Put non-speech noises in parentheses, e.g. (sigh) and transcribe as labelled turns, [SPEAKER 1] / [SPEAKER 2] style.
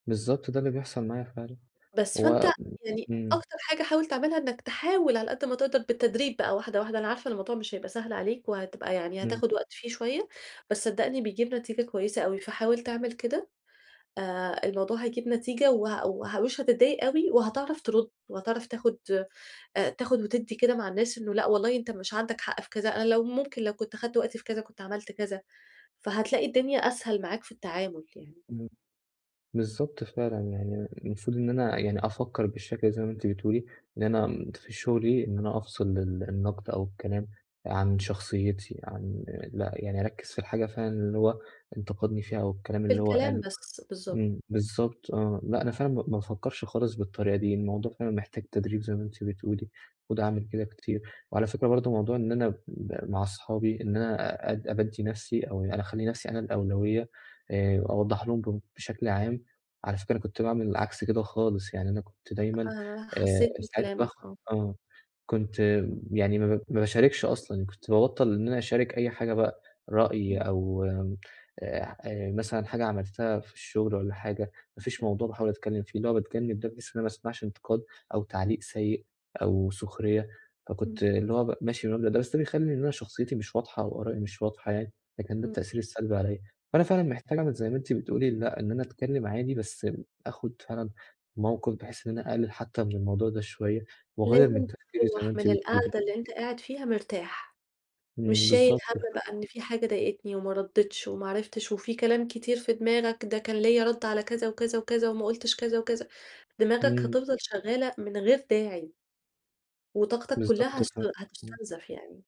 [SPEAKER 1] بالضبط ده اللي بيحصل معايا فعلًا.
[SPEAKER 2] بس،
[SPEAKER 1] و
[SPEAKER 2] فأنت يعني
[SPEAKER 1] إمم.
[SPEAKER 2] أكتر حاجة حاول تعملها إنك تحاول على قد ما تقدر بالتدريج بقى واحدة، واحدة، أنا عارفة الموضوع مش هيبقى سهل عليك وهتبقى يعني
[SPEAKER 1] إمم.
[SPEAKER 2] هتاخد وقت فيه شوية، بس صدقني بيجيب نتيجة كويسة أوي، فحاول تعمل كده، آآ الموضوع هيجيب نتيجة وه وه ومش هتضايق أوي وهتعرف ترد وهتعرف تاخد آآ تاخد وتدّي كده مع الناس إنه لأ والله أنت مش عندك حق في كذا، أنا لو ممكن لو كنت خدت وقتي في كذا، كنت عملت كذا. فهتلاقي الدنيا أسهل معاك في التعامل يعني.
[SPEAKER 1] إمم، بالضبط فعلًا يعني المفروض إن أنا يعني أفكر بالشكل زي ما أنتِ بتقولي، إن أنا ت في شغلي إن أنا أفصِل ال النقد أو الكلام آآ، عن شخصيتي عن لأ يعني أركِّز في الحاجة فعلًا اللي هو انتقدني فيها والكلام اللي هو
[SPEAKER 2] بالكلام
[SPEAKER 1] قاله،
[SPEAKER 2] بس، بالضبط.
[SPEAKER 1] إمم، بالضبط آه، لأ أنا فعلًا ما ما بافكرش خالص بالطريقة دي، الموضوع فعلًا محتاج تدريب زي ما أنتِ بتقولي، وده عامِل كده كتير، وعلى فكرة برضه موضوع إن أنا ب مع صحابي إن أنا، آآ أبَدِّي نفسي أو يع أخلّي نفسي أنا الأولوية آآ أوضّح لهم ب بشكل عام، على فكرة أنا كنت باعمل عكس كده خالص، يعني أنا كنت
[SPEAKER 2] أ
[SPEAKER 1] دايمًا،
[SPEAKER 2] آآ،
[SPEAKER 1] آآ
[SPEAKER 2] حسيت
[SPEAKER 1] مستعد
[SPEAKER 2] بكلامك،
[SPEAKER 1] أضخّم
[SPEAKER 2] آه.
[SPEAKER 1] آه، كنت يعني ما ب ما باشاركش أصلًا، كنت بابطّل إن أنا أشارك أي حاجة بقى رأي
[SPEAKER 2] إمم.
[SPEAKER 1] أو آآ، آآ مثلًا حاجة عملتها في الشغل والّا حاجة، ما فيش
[SPEAKER 2] (unintelligible)
[SPEAKER 1] موضوع باحاول أتكلم فيه، اللي هو باتكلم ده بس ما أسمعش انتقاد أو تعليق سيء أو سخرية،
[SPEAKER 2] إمم.
[SPEAKER 1] فكنت اللي هو م ماشي بالمبدأ ده، بس ده بيخلّي إن أنا شخصيتي مش واضحة أو آرائي مش واضحة يعني، فكان ده
[SPEAKER 2] إمم.
[SPEAKER 1] التأثير السلبي عليَّ. فأنا فعلًا محتاج أعمل زي ما أنتِ بتقولي، لأ، إن أنا اتكلم عادي بس آخد فعلًا موقِف بحيث إن أنا أقلل حتى من الموضوع ده شوية وأغيّر
[SPEAKER 2] لازم
[SPEAKER 1] من تفكري زي ما
[SPEAKER 2] تروَّح
[SPEAKER 1] أنتِ
[SPEAKER 2] من
[SPEAKER 1] بتقولي.
[SPEAKER 2] القعدة اللي أنت قاعد فيها مرتاح، مش
[SPEAKER 1] إمم،
[SPEAKER 2] شايل
[SPEAKER 1] بالضبط
[SPEAKER 2] هَم
[SPEAKER 1] (unintelligible)
[SPEAKER 2] بقى إن في حاجة ضايقتني وما ردّتش وما عرفتش، وفي كلام كتير في دماغك ده كان ليَّ رد على كذا وكذا وكذا وما قُلتش كذا وكذا، دماغك
[SPEAKER 1] إمم.
[SPEAKER 2] هتفضل شغالة من غير داعي. وطاقتك كلّها
[SPEAKER 1] بالضبط
[SPEAKER 2] هس
[SPEAKER 1] فعل إمم.
[SPEAKER 2] هتستنزف يعني.